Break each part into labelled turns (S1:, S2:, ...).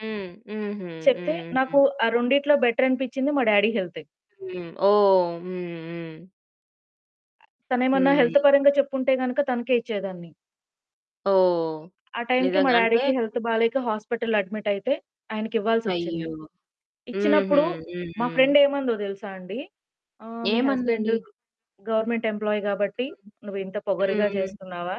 S1: హ్మ్. హుహు.
S2: చెప్తే
S1: హ్మ్.
S2: నాకు
S1: హ్మ్.
S2: ఆ రెండిట్లో బెటరనిపించింది మా డాడీ హెల్తే.
S1: హ్మ్. ఓహ్! హ్మ్, హ్మ్.
S2: తనేమన్నా హెల్త్
S1: హ్మ్.
S2: పరంగా చెప్పుంటే గనుక తనకే ఇచ్చేదాన్ని.
S1: ఓహ్!
S2: ఆ టైంకి మా
S1: నిజంగా. అంటే
S2: డాడీకి హెల్త్ బాలేక హాస్పిటల్‌లో అడ్మిటయితే ఆయనకి ఇవ్వాల్సొచ్చింది.
S1: అయ్యో! హుహు.
S2: ఇచ్చినప్పుడు
S1: హ్మ్,
S2: మా
S1: హ్మ్.
S2: ఫ్రెండేమందో దెలుసా అండి? "ఆహ్, మీ హస్బెండు
S1: ఏమందండి?
S2: గవర్నమెంట్ ఎంప్లాయీ గాబట్టి
S1: హ్మ్.
S2: నువ్వింత
S1: హ్మ్,
S2: పొగరుగా
S1: హ్మ్.
S2: జేస్తున్నావా?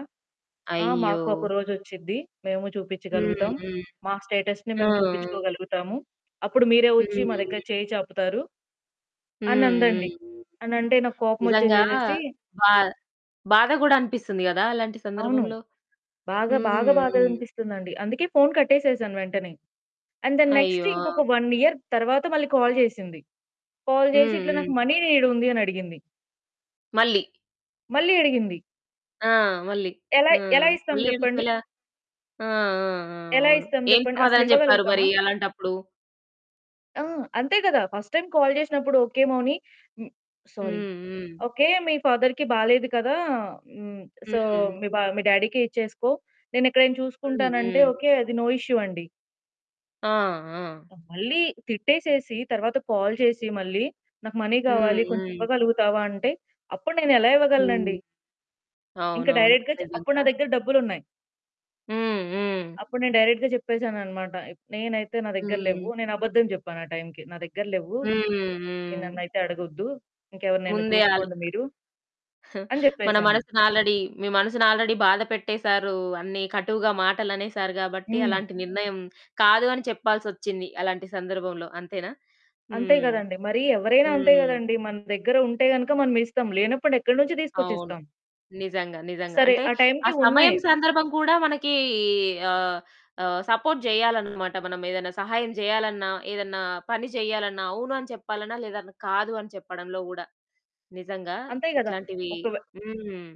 S2: ఆ
S1: అయ్యో!
S2: మాకు ఒకరోజ వచ్చిద్ది, మేము
S1: హ్మ్,
S2: చూపించగలుగుతాం.
S1: హ్మ్.
S2: మా స్టేటస్‌ని
S1: ఆ!
S2: మేము చూపించుకోగలుగుతాము. అప్పుడు మీరే
S1: హ్మ్.
S2: వచ్చి మా దగ్గర
S1: హ్మ్.
S2: చెయ్యి చెప్పుతారు?"
S1: హ్మ్, హ్మ్,
S2: అనందండి.
S1: హ్మ్.
S2: అనంటే నాకు కోపం
S1: నిజంగా
S2: వచ్చేసేసేసి
S1: బా బాధ గూడా అనిపిస్తుంది గదా! అలాంటి
S2: అవును.
S1: సందర్భంలో?
S2: బాగా
S1: హ్మ్,
S2: బాగా బాధగా
S1: హ్మ్.
S2: అనిపిస్తుందండి. అందుకే ఫోన్ కట్టేసేసాను వెంటనే. అండ్ ద నెక్స్ట్
S1: అయ్యో!
S2: ఇంకొక 1 ఇయర్ తర్వాత మళ్ళీ కాల్ చేసింది. కాల్ జేసి
S1: హ్మ్,
S2: "ఇట్లా నాకు
S1: హ్మ్.
S2: మనీ నీడుంది" అని అడిగింది.
S1: మళ్ళీ.
S2: మళ్ళీ అడిగింది.
S1: ఆ! మళ్ళీ.
S2: ఎలా
S1: ఆ!
S2: ఎలా ఇస్తాం
S1: మళ్ళీ
S2: జెప్పండి?
S1: ఇంకోలా? ఆ! ఆ! ఆ!
S2: ఎలా
S1: అవును.
S2: ఇస్తాం
S1: ఏం
S2: జెప్పండి?
S1: సమాధానం చెప్పారు
S2: అసలివ్వగలుగుతామా?
S1: మరి అలాంటప్పుడు?
S2: ఆ! అంతే గదా! ఫస్ట్ టైమ్ కాల్ జేసినప్పుడు ఓకే మౌని హ్మ్. సారీ.
S1: హ్మ్, హ్మ్.
S2: ఓకే. మీ ఫాదర్‌కి బాలేదు కదా! హ్మ్. "సో
S1: హ్మ్.
S2: మీ బా మీ డాడీకె ఇచ్చేసుకో. నేనెక్కడైనా
S1: హ్మ్,
S2: చూసుకుంటానంటే"
S1: హ్మ్.
S2: ఓకే అది నో ఇష్యూ అండి.
S1: ఆ! ఆ!
S2: మళ్ళీ తిట్టేసేసి తర్వాత కాల్ చేసి మళ్ళీ "నాకు మనీ
S1: హ్మ్,
S2: కావాలి కొంచెం
S1: హ్మ్.
S2: ఇవ్వగలుగుతావా?" అంటే అప్పుడు నేనెలా ఇవ్వగలనండి?
S1: హ్మ్.
S2: ఇంకా
S1: అవునవును.
S2: డైరెక్ట్‌గా చె అప్పుడు
S1: నిజంగా.
S2: నా దగ్గర డబ్బులున్నాయి.
S1: హ్మ్, హ్మ్.
S2: అప్పుడు నేను డైరెక్ట్‌గా జెప్పేసాననమాట. ఇప్ నేనైతే నా దగ్గర లేవు.
S1: హ్మ్.
S2: నేను అబద్ధం జెప్పాను ఆ టైంకి. నా దగ్గర లేవు.
S1: హ్మ్,
S2: మీరు
S1: హ్మ్.
S2: నన్నైతే అడగొద్దు. ఇంకెవరినైనా
S1: ముందే ఆళ్ళు
S2: చూసుకోండి మీరు? అని
S1: మన
S2: జెప్పేసాను.
S1: మనసుని ఆల్రెడీ మీ మనసుని ఆల్రెడీ బాధపెట్టేేశారు అన్ని కటువుగా మాటలునేసారు గాబట్టి
S2: హ్మ్.
S1: అలాంటి నిర్ణయం కాదు అని చెప్పాల్సొచ్చింది అలాంటి సందర్భంలో అంతేనా?
S2: అంతే
S1: హ్మ్.
S2: గదండీ. మరి ఎవరైనా అంతే
S1: హ్మ్.
S2: గదండీ. మన దగ్గర ఉంటే గనుక మనమిస్తాం. లేనప్పుడు ఎక్కడి నుంచి
S1: అవును.
S2: తీసుకొచ్చిస్తాం.
S1: నిజంగా, నిజంగా.
S2: సరే
S1: అంటే
S2: ఆ
S1: ఆ
S2: టైంకి
S1: సమయం
S2: ఉన్నాయి.
S1: సందర్భం కూడా మనకి ఆహ్, ఆహ్, సపోర్ట్ జేయాలనమాట. మనం ఏదైనా సహాయం జేయాలన్నా, ఏదన్నా పని జేయాలన్నా, అవును అని చెప్పాలన్నా, లేదన్నా కాదు అని చెప్పడంలో కూడా, నిజంగా
S2: అంతే గదా!
S1: ఇట్లాంటివి
S2: ఒక వే
S1: హ్మ్.